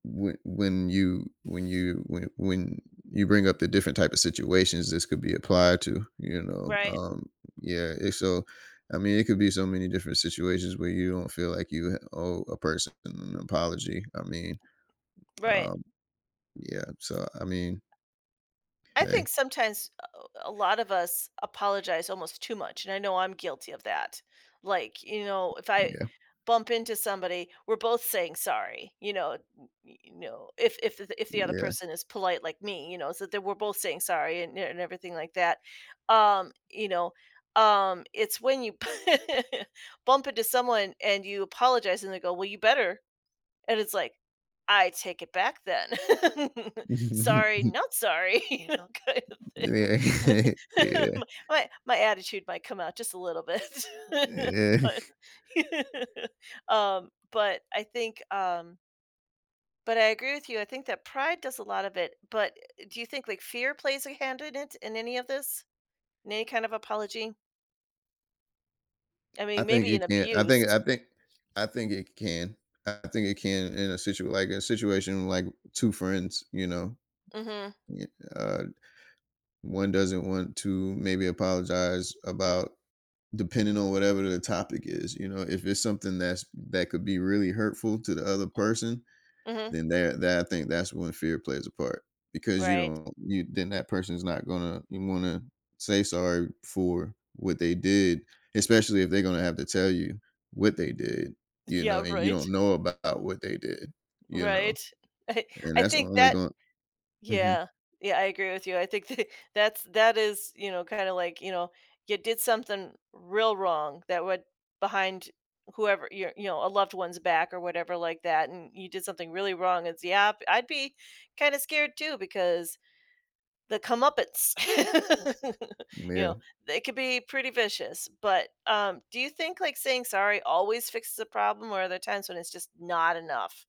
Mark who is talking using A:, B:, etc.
A: Whe when you when you when when you bring up the different type of situations, this could be applied to, you know,
B: Right.
A: um, yeah, it's so, I mean, it could be so many different situations where you don't feel like you, eh, owe a person an apology. I mean,
B: Right.
A: um, yeah, so, I mean
B: I
A: ‘Kay.
B: think sometimes a lot of us apologize almost too much, and I know I'm guilty of that. Like, you know, if I
A: Yeah.
B: bump into somebody, we're both saying "sorry," you know, y y you know, if if if the other
A: Yeah.
B: person is polite like me, you know, so we're both saying sorry and and everything like that, um, you know, um, it's when you bump into someone and you apologize and they go, "Well, you better," and it's like, "I take it back then." "Sorry, not sorry," you know, kind of thing.
A: Yeah,
B: My.
A: yeah.
B: my my attitude might come out just a little bit,
A: Yeah.
B: but, um, but I think, um but I agree with you. I think that pride does a lot of it, but do you think like fear plays a hand in it in any of this, in any kind of apology? I
A: I
B: mean,
A: think
B: maybe an
A: it can I think
B: abuse.
A: I think, I think it can. I think it can in a situa like a situation like 2 friends, you know.
B: Mhm.
A: Y uh, one doesn't want to maybe apologize about depending on whatever the topic is, you know, if it's something that's, that could be really hurtful to the other person,
B: M Mhm
A: then that that I think that's when fear plays a part because you
B: Right.
A: don't you then that person's not gonna wanna say "sorry" for what they did, especially if they're gonna have to tell you what they did, you know,
B: Yeah,
A: and you
B: right.
A: don't know about what they did, you know.
B: Right.
A: And
B: I
A: that's
B: think
A: only
B: that,
A: gonn mhm.
B: yeah, yeah, I agree with you. I think th that's that's that is, you know, kinda like, you know, you did something real wrong that would behind whoever, your you know, a loved one's back or whatever like that, and you did something really wrong, it's, yeah, I'd be kind of scared too because the comeuppance,
A: M
B: you know,
A: Yeah.
B: they could be pretty vicious, but, um, do you think like saying "sorry" always fixes the problem, or are there times when it's just not enough?